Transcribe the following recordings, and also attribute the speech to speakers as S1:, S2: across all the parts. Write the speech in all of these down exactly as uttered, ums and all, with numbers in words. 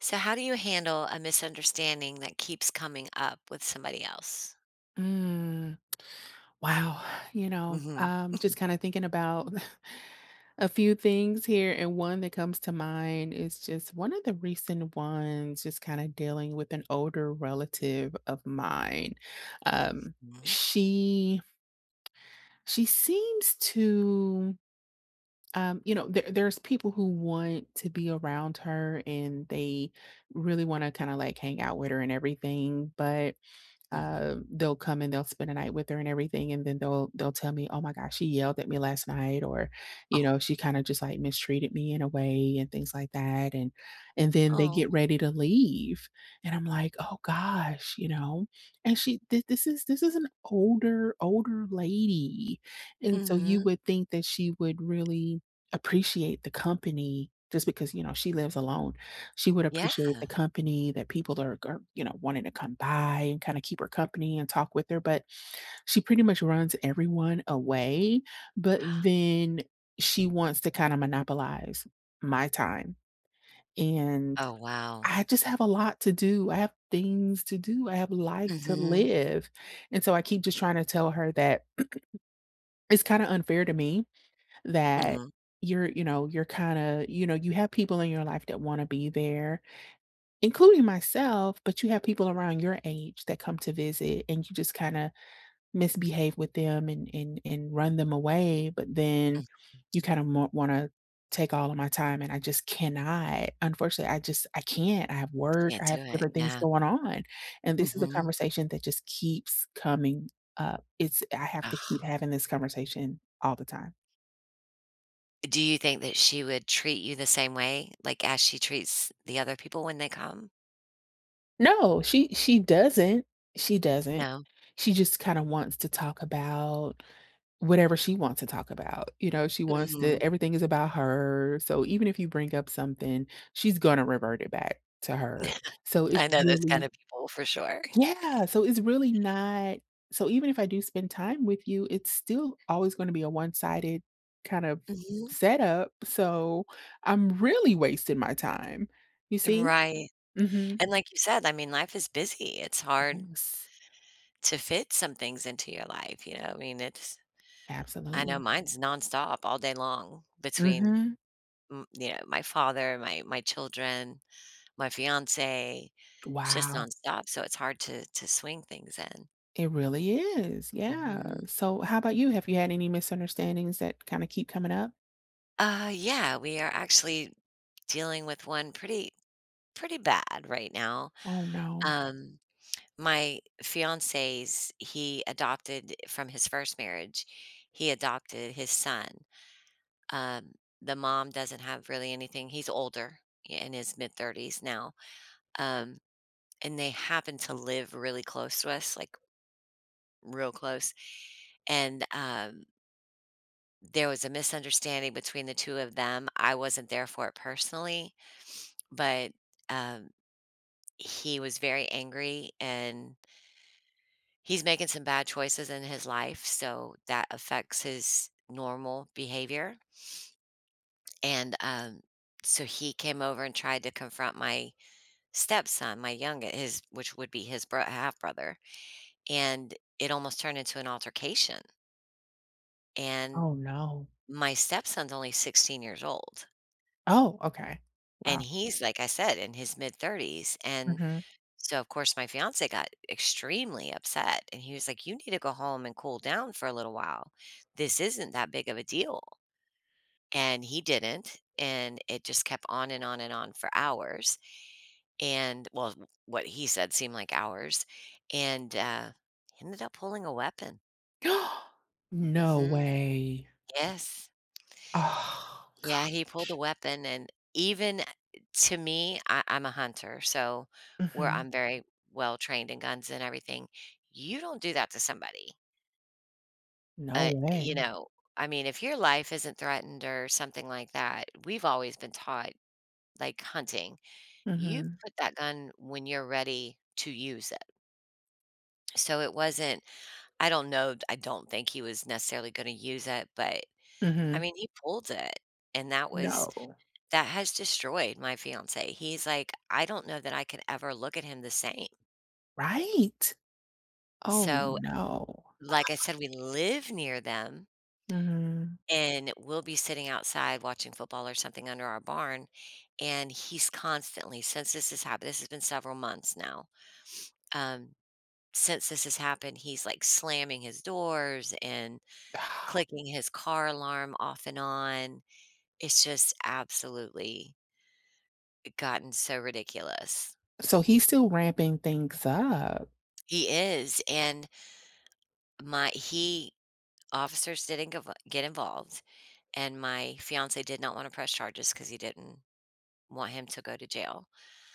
S1: So how do you handle a misunderstanding that keeps coming up with somebody else?
S2: Mm. Wow. You know,
S1: Mhm.
S2: um, just kinda thinking about a few things here, and one that comes to mind is just one of the recent ones is kinda dealing with an older relative of mine. Um,
S1: Mhm.
S2: she she seems to, um, you know, there there's people who want to be around her, and they really wanna kinda, like, hang out with her and everything, but,
S1: Mhm.
S2: um, they'll come and they'll spend a night with her and everything, and then they'll they'll tell me, "Oh my gosh, she yelled at me last night," or, you know,
S1: Oh.
S2: "She kinda just, like, mistreated me in a way," and things like that, and and then they get
S1: Oh.
S2: ready to leave, and I'm like, "Oh gosh," you know? And she th this is this is an older, older lady, and so you
S1: Mhm.
S2: would think that she would really appreciate the company, just because, you know, she lives alone. She would appreciate
S1: Yeah!
S2: the company that people are are, you know, wanting to come by and kinda keep her company and talk with her, but she pretty much runs everyone away, but then she wants to kinda monopolize my time, and
S1: Oh, wow.
S2: I just have a lot to do. I have things to do. I have a life to
S1: Mhm.
S2: live, and so I keep just trying to tell her that it's kinda unfair to me that
S1: Mm.
S2: you're you know, you're kinda, you know, you have people in your life that wanna be there, including myself, but you have people around your age that come to visit, and you just kinda misbehave with them and and and run them away, but then
S1: Mm.
S2: you kinda mor wanna take all of my time, and I just cannot. Unfortunately, I just I can't. I have work,
S1: Can't
S2: I
S1: do
S2: have
S1: it,
S2: different things
S1: yeah.
S2: going on, and this is a
S1: Mhm.
S2: conversation that just keeps coming up. It's I have to keep having this conversation all the time.
S1: Do you think that she would treat you the same way, like, as she treats the other people when they come?
S2: No, she she doesn't she doesn't,
S1: No.
S2: she just kinda wants to talk about, whatever she wants to talk about, you know, she wants
S1: Mhm.
S2: to everything is about her, so even if you bring up something, she's gonna revert it back to her, so it's
S1: I know those kind
S2: really
S1: of people for sure.
S2: Yeah, so it's really not so even if I do spend time with you, it's still always gonna be a one-sided kind of
S1: Mhm.
S2: setup, so I'm really wasting my time, you see?
S1: Right,
S2: Mhm.
S1: and like you said, I mean, life is busy, it's hard
S2: Yes.
S1: to fit some things into your life, you know, I mean, it's I know
S2: Absolutely.
S1: mine's nonstop all day long between,
S2: Mhm.
S1: m you know, my father, my my children, my fiance. It's just
S2: Wow.
S1: nonstop, so it's hard to to swing things in.
S2: It really is, yeah,
S1: Mhm.
S2: so how about you, have you had any misunderstandings that kinda keep coming up?
S1: Uh, yeah, we are actually dealing with one pretty pretty bad right now.
S2: Oh, no.
S1: Um, my fiance's he adopted e from his first marriage he adopted his son, um, the mom doesn't have really anything He's older, in his mid-thirties now, um, and they happen to live really close to us, like real close, and, um there was a misunderstanding between the two of them. I wasn't there for it personally, but, um, he was very angry, and he's making some bad choices in his life, so, that affects his normal behavior and, um, so, he came over and tried to confront my stepson, my younge his which would be his bro half brother, and it almost turned into an altercation and
S2: Oh, no.
S1: my stepson's only sixteen years old.
S2: Oh, okay,
S1: And
S2: wow.
S1: he's, like I said, in his mid thirties and
S2: Mhm.
S1: so, of course, my fiance got extremely upset, and he was, like, "You need to go home and cool down for a little while. This isn't that big of a deal," and he didn't, and it just kept on and on and on for hours, and, well, w what he said seemed like hours and, uh, he ended up pulling a weapon.
S2: No
S1: Mhm.
S2: way.
S1: Yes.
S2: Oh,
S1: Yeah,
S2: gosh.
S1: he pulled a weapon, and even a eh, to me, I I'm a hunter, so, where
S2: Mhm.
S1: I'm very well-trained in guns and everything, you don't do that to somebody.
S2: No
S1: Uh, you
S2: way.
S1: know, I mean, if your life isn't threatened or something like that, we've always been taught, like, hunting, you
S2: Mhm.
S1: put that gun when you're ready to use it. So, it wasn't I don't know, d I don't think he was necessarily gonna use it, but, I
S2: Mhm.
S1: mean, he pulled it, and that was
S2: No.
S1: that has destroyed my fiance, he's, like, "I don't know that I could ever look at him the same."
S2: Right. Oh,
S1: So,
S2: no.
S1: like I said, we live near them.
S2: Mhm.
S1: And we'll be sitting outside watching football or something under our barn, and he's constantly since this has happened this has been several months now, um, since this has happened, he's, like, slamming his doors and clicking his car alarm off and on. It's just absolutely I gotten so ridiculous.
S2: So, he's still ramping things up.
S1: He is, and My he officers didn't get vo get involved, and my fiance did not wanna press charges, 'cause he didn't want him to go to jail,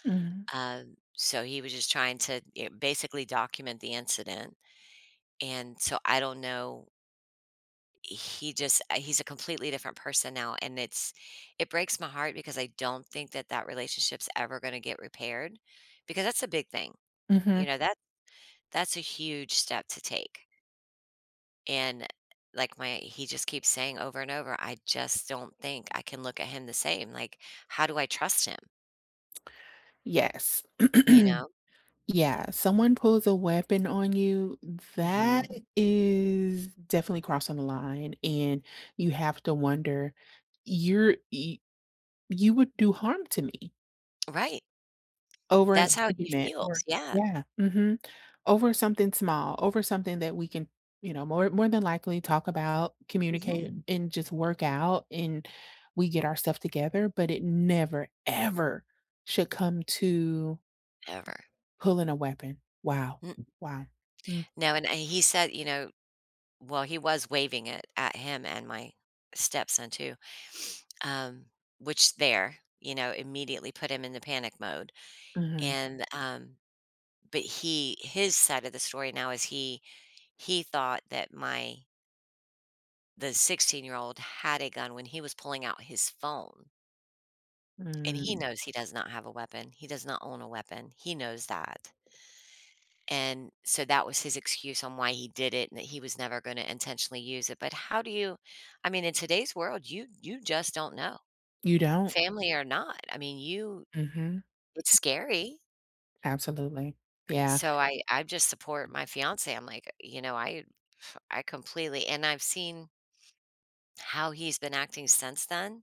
S2: Mhm.
S1: um, so, he was just trying to, eh, basically document the incident, and so, I don't know He just I he's a completely different person now, and it's it breaks my heart because I don't think that that relationship's ever gonna get repaired, because that's a big thing. You
S2: Mhm.
S1: know, that that's a huge step to take. And, eh, like, my he just keeps saying over and over, "I just don't think I can look at him the same, like, how do I trust him?"
S2: Yes.
S1: You know?
S2: Yeah, someone pulls a weapon on you,
S1: Mhm.
S2: that is definitely crossing the line, and you have to wonder, you're y you would do harm to me
S1: Right.
S2: over an
S1: That's how he
S2: argument.
S1: feels.
S2: Or
S1: Yeah.
S2: Yeah. Mhm. Over something small, over something that we can, you know, more more than likely talk about,
S1: Mhm.
S2: communicate, and just work out, and we get our stuff together, but it never ever should come to
S1: Ever.
S2: pulling a weapon. Wow. Wow. Mm.
S1: Now, and, uh, and he said, you know well, he was waving it at him and my stepson too, um, which there you know, immediately put him in the panic mode,
S2: Mhm.
S1: and, um but he his side of the story now is he he thought that my the sixteen-year-old had a gun when he was pulling out his phone. And he
S2: Mm.
S1: knows he does not have a weapon, he does not own a weapon, he knows that. And, so that was his excuse on why he did it and that he was never gonna intentionally use it, but how do you I mean, in today's world, you you just don't know.
S2: You don't?
S1: Family or not, I mean, you
S2: Mhm.
S1: it's scary.
S2: Absolutely. Yeah.
S1: So I I just support my fiancé, I'm like, you know, I I completely, and I've seen how he's been acting since then.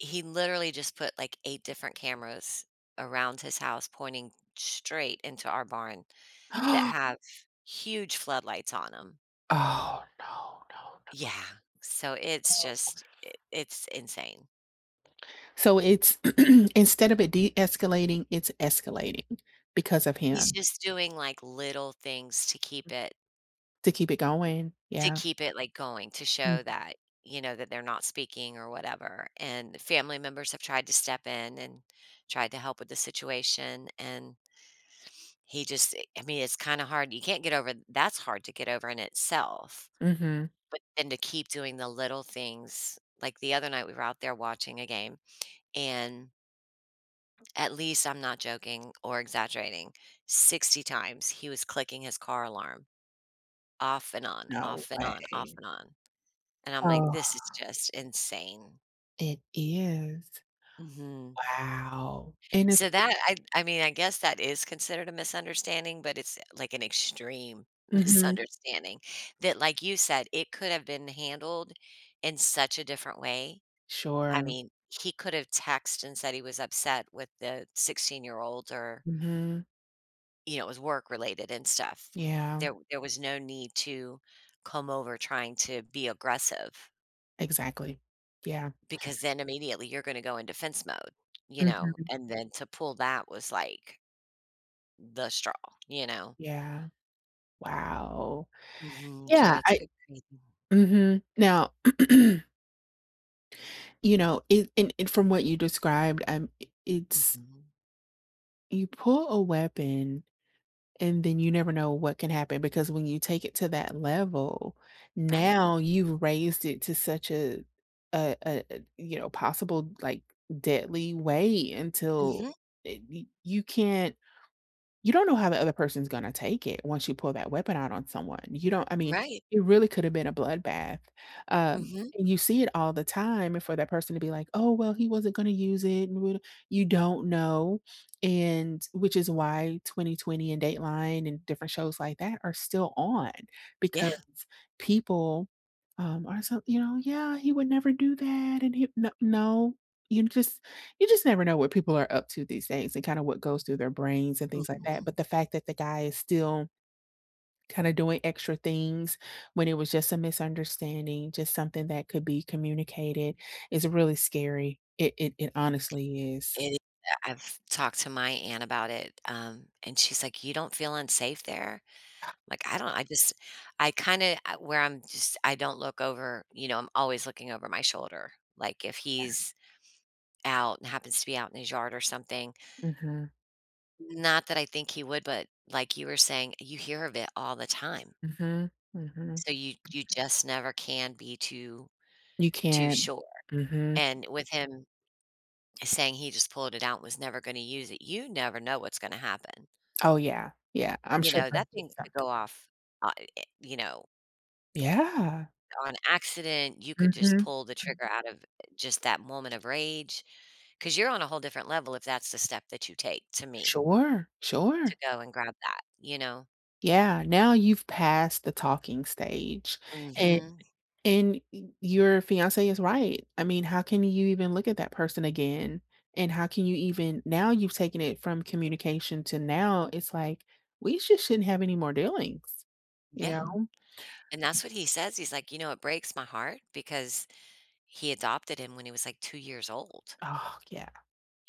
S1: He literally just put, like, eight different cameras around his house pointing straight into our barn that have huge floodlights on 'em.
S2: Oh, no, no,
S1: Yeah. So it's
S2: no. Oh.
S1: just i it's insane.
S2: So it's instead of it de-escalating, it's escalating because of
S1: He's
S2: him.
S1: just doing, like, little things to keep
S2: Mm.
S1: it
S2: To keep it going,
S1: to
S2: yeah.
S1: keep it, like, going to
S2: Mm.
S1: show that, you know, that they're not speaking or whatever, and family members have tried to step in and tried to help with the situation, and he just i I mean, it's kinda hard, you can't get over that's hard to get over in itself,
S2: Mhm.
S1: but then to keep doing the little things, like, the other night, we were out there watching a game, and at least, I'm not joking or exaggerating, sixty times he was clicking his car alarm. Off and on,
S2: No
S1: off and on, off
S2: way.
S1: and on, and I'm like,
S2: Oh.
S1: "This is just insane."
S2: It is.
S1: Mhm.
S2: Wow. And it's
S1: So, that, I I mean, I guess that is considered a misunderstanding, but it's, like, an extreme
S2: Mhm.
S1: misunderstanding that, like you said, it could have been handled in such a different way. I
S2: Sure.
S1: mean, he could have text and said he was upset with the sixteen year old or
S2: Mhm.
S1: you know, it was work-related and stuff.
S2: Yeah.
S1: There there was no need to come over trying to be aggressive.
S2: Exactly. Yeah.
S1: Because then immediately, you're gonna go in defense mode, you know?
S2: Mhm.
S1: And then to pull that was, like the straw, you know?
S2: Yeah. Wow.
S1: Mhm, so
S2: Yeah,
S1: it's
S2: I
S1: been crazy.
S2: Mhm. Now You know, it and and from what you described, I'm i it's
S1: Mhm.
S2: You pull a weapon, and then you never know what can happen because when you take it to that level,
S1: Right.
S2: now you've raised it to such a a a a, you know, possible, like, deadly way until,
S1: Mhm.
S2: eh, y you can't you don't know how the other person's gonna take it once you pull that weapon out on someone, you don't I mean,
S1: Right.
S2: it really coulda been a bloodbath, um,
S1: Mhm.
S2: and you see it all the time for that person to be like, "Oh, well, he wasn't gonna use it,. [unintelligible] You don't know, and, which is why 20/20 and Dateline and different shows like that are still on,
S1: Yeah.
S2: because people, um, are so, you know, "Yeah, he would never do that, and he "N no, you just you just never know what people are up to these days and kinda what goes through their brains and things like that,
S1: Mhm.
S2: but the fact that the guy is still kinda doing extra things when it was just a misunderstanding, just something that could be communicated is really scary. It it it honestly is.
S1: It i yeah, I've talked to my aunt about it, um, and she's like, "You don't feel unsafe there?" Like, I don't, I just I kinda, I where I'm just I don't look over, you know, I'm always looking over my shoulder, like, if he's out and happens to be out in his yard or something.
S2: Mhm.
S1: Not that I think he would, but like you were saying, you hear of it all the time.
S2: Mhm. Mhm.
S1: So, you you just never can be too
S2: You
S1: too
S2: can't.
S1: sure,
S2: Mhm.
S1: and with him saying he just pulled it out, and was never gonna use it, you never know what's gonna happen.
S2: Oh, yeah, yeah, I'm
S1: You
S2: sure
S1: know,
S2: that's
S1: that
S2: just
S1: thing could
S2: something
S1: go off, o i eh you know
S2: Yeah.
S1: on accident, you could just
S2: Mhm.
S1: pull the trigger out of just that moment of rage, 'cause you're on a whole different level if that's the step that you take, to me.
S2: Sure,
S1: To
S2: sure.
S1: go and grab that, you know?
S2: Yeah, now you've passed the talking stage, and
S1: Mhm.
S2: and y your fiance is right, I mean, how can you even look at that person again? And how can you even now you've taken it from communication to now, it's like, we sho shouldn't have any more dealings. You
S1: Yeah.
S2: know?
S1: And that's what he says, he's like, you know, "It breaks my heart," because he adopted him when he was, like, two years old.
S2: Oh, yeah.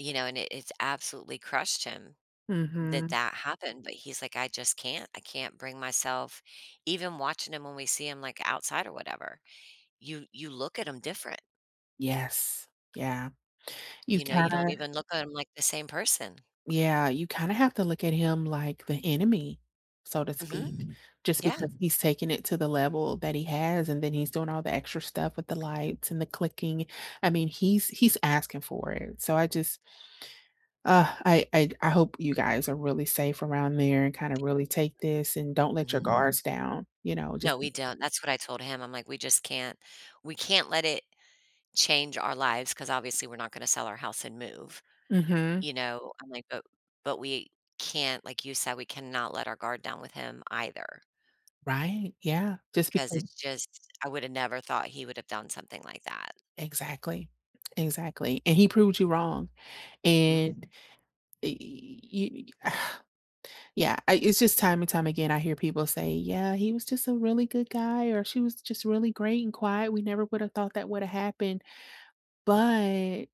S1: You know, and it it's absolutely crushed him that
S2: Mhm.
S1: that happened, but he's like, "I just can't. I can't bring myself" even watching him when we see him, like, outside or whatever, you you look at him different.
S2: Yes. Yeah. You
S1: You know, you don't
S2: kinda
S1: even look at 'em like the same person.
S2: Yeah, you kinda have to look at him like the enemy, so to
S1: Mhm.
S2: speak, just
S1: Yeah.
S2: because he's taking it to the level that he has, and then he's doing all the extra stuff with the lights and the clicking. I mean, he's he's asking for it. So I just Ah, I I I hope you guys are really safe around there and kinda
S1: Thank you.
S2: really take this, and don't let your guards down, you know? Just
S1: No, we don't. That's what I told him. I'm like, "We just can't we can't let it change our lives 'cause, obviously, we're not gonna sell our house and move,"
S2: Mhm.
S1: you know? I'm like, uh, "But we can't," like you said, "we cannot let our guard down with him either"
S2: Right, yeah. Just
S1: because
S2: becau
S1: it's just I would've never thought he would have done something like that.
S2: Exactly Exactly, and he proved you wrong,
S1: Mm.
S2: and eh you Yeah. I it's just time and time again, I hear people say, "Yeah, he was just a really good guy, or she was just really great and quiet. We never would have thought that woulda happened," but,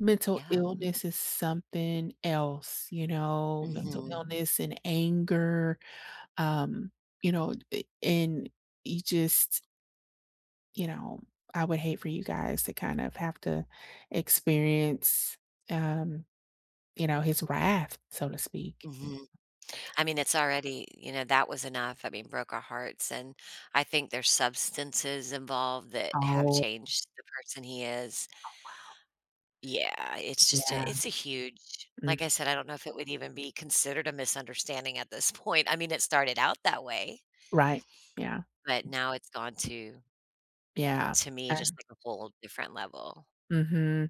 S2: mental
S1: Yeah.
S2: illness is something else, you know? Mental
S1: Mhm.
S2: illness and anger, um, you know? Eh, and ye just you know? I would hate for you guys to kind of have to experience, um, you know, his wrath, so to speak.
S1: Mhm. I mean, it's already, you know, that was enough. I mean, broke our hearts, and I think there's substances involved that have
S2: Oh
S1: changed the person he is.
S2: Oh, wow.
S1: Yeah. It's just a
S2: Yeah.
S1: it's a huge like I
S2: Mm.
S1: said, I don't know if it would even be considered a misunderstanding at this point. I mean, it started out that way
S2: Right. Yeah.
S1: but now it's gone to
S2: Yeah.
S1: to me just
S2: I
S1: like a whole different level.
S2: Mhm.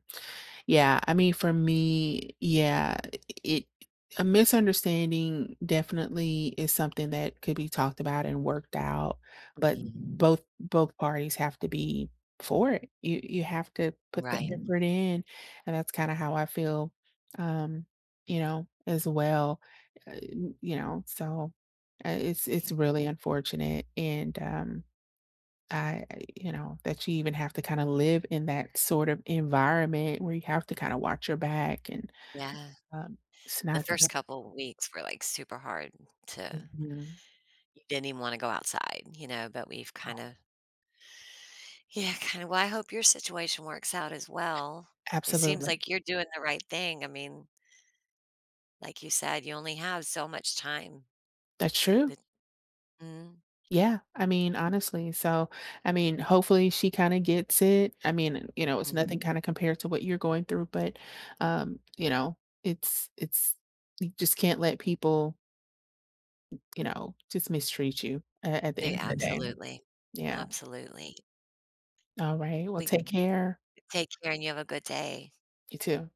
S2: Yeah. I mean, for me, yeah, it a misunderstanding definitely is something that could be talked about and worked out, but
S1: Mhm.
S2: both both parties have to be for it. You you have to put that
S1: Right.
S2: effort in, and that's kinda how I feel, um, you know, as well, you know? So, uh, it's it's really unfortunate, and, um, I you know, that you even have to kinda live in that sort of environment where you have to kinda watch your back and,
S1: Yeah.
S2: um,.
S1: The first
S2: [unintelligible]
S1: couple weeks were, like, super hard to
S2: Mhm.
S1: didn't even wanna go outside, you know, but we've
S2: No.
S1: kinda Yeah, kinda Well, I hope your situation works out as well. It seems
S2: Absolutely.
S1: like you're doing the right thing. I mean like you said, you only have so much time.
S2: That's true.
S1: But Mm.
S2: Yeah. I mean, honestly. So, I mean, hopefully, she kinda gets it. I mean, you know, it's
S1: Mm.
S2: nothing kinda compared to what you're going through, but, um, you know, it's it's you just can't let people you know, just mistreat you, uh, at the
S1: They
S2: end of the day.
S1: Absolutely
S2: Yeah.
S1: Absolutely.
S2: Alright. Well,
S1: We
S2: take care.
S1: Take care, and you have a good day.
S2: You too.